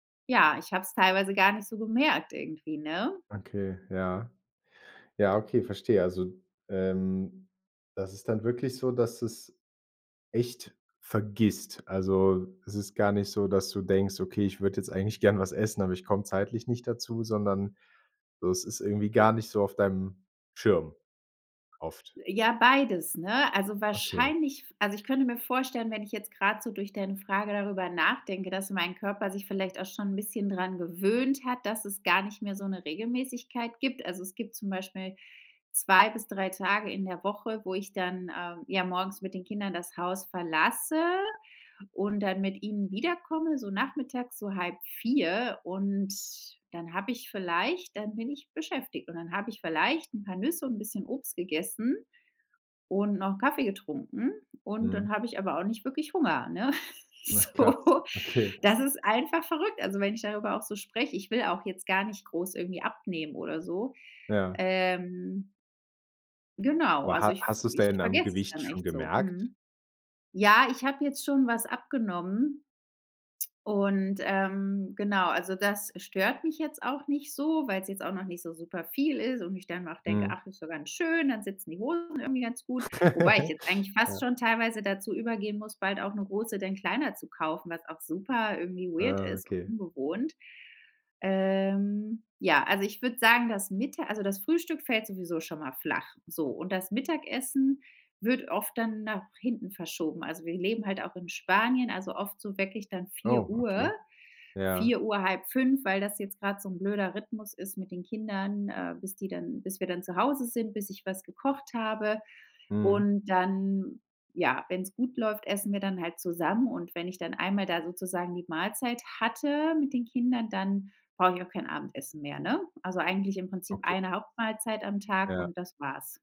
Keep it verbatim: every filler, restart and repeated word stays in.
Ja, ich habe es teilweise gar nicht so gemerkt irgendwie, ne? Okay, ja. Ja, okay, verstehe. Also, ähm, das ist dann wirklich so, dass du es echt vergisst, also, es ist gar nicht so, dass du denkst: „Okay, ich würde jetzt eigentlich gerne was essen, aber ich komme zeitlich nicht dazu", sondern so es ist irgendwie gar nicht so auf deinem Schirm oft. Äh, ja, beides, ne? Also Okay. wahrscheinlich f also, ich könnte mir vorstellen, wenn ich jetzt grad so durch deine Frage darüber nachdenke, dass mein Körper sich vielleicht auch schon 'n bisschen dran gewöhnt hat, dass es gar nicht mehr so 'ne Regelmäßigkeit gibt, also, es gibt zum Beispiel zwei bis drei Tage in der Woche, wo ich dann, ähm, ja, morgens mit den Kindern das Haus verlasse und dann mit ihnen wiederkomme. So, Nachmittags, so, halb vier, und dann habe ich vielleicht dann bin ich beschäftigt, und dann hab ich vielleicht 'n paar Nüsse und 'n bisschen Obst gegessen und noch n' Kaffee getrunken, und dann Mhm. habe ich aber auch nicht wirklich Hunger, ne? Ach, krass, So okay. Das ist einfach verrückt, also, wenn ich darüber auch so spreche. Ich will auch jetzt gar nicht groß irgendwie abnehmen oder so. Ja. Ähm genau, Aber also ha ich v hast du es ich denn am vergesse das Gewicht dann schon echt so gemerkt? mhm, ja, ich habe jetzt schon was abgenommen und, ähm, genau also, das stört mich jetzt auch nicht so, weil's jetzt auch noch nicht so super viel ist und ich dann auch denke: Mhm. „Ach, ist doch ganz schön, dann sitzen die Hosen irgendwie ganz gut", wobei ich jetzt eigentlich Ja. fast schon teilweise dazu übergehen muss, bald auch 'ne Hose denn kleiner zu kaufen, was auch super irgendwie weird Ah, ist und okay. ungewohnt. Ähm, ja, also, ich würde sagen, das Mitta also, das Frühstück fällt sowieso schon mal flach, so, und das Mittagessen wird oft dann nach hinten verschoben, also, wir leben halt auch in Spanien, also, oft so weckich dann vier Oh, Uhr, okay, ja. vier Uhr, halb fünf, weil das jetzt grad so 'n blöder Rhythmus ist mit den Kindern, äh, bis die dann bis wir dann zu Hause sind, bis ich was gekocht habe Mhm. und dann ja, wenn's gut läuft, essen wir dann halt zusammen und wenn ich dann einmal da, sozusagen, die Mahlzeit hatte mit den Kindern, dann brauche ich auch kein Abendessen mehr, ne? Also eigentlich im Prinzip Okay. eine Hauptmahlzeit am Tag Ja. und das war's.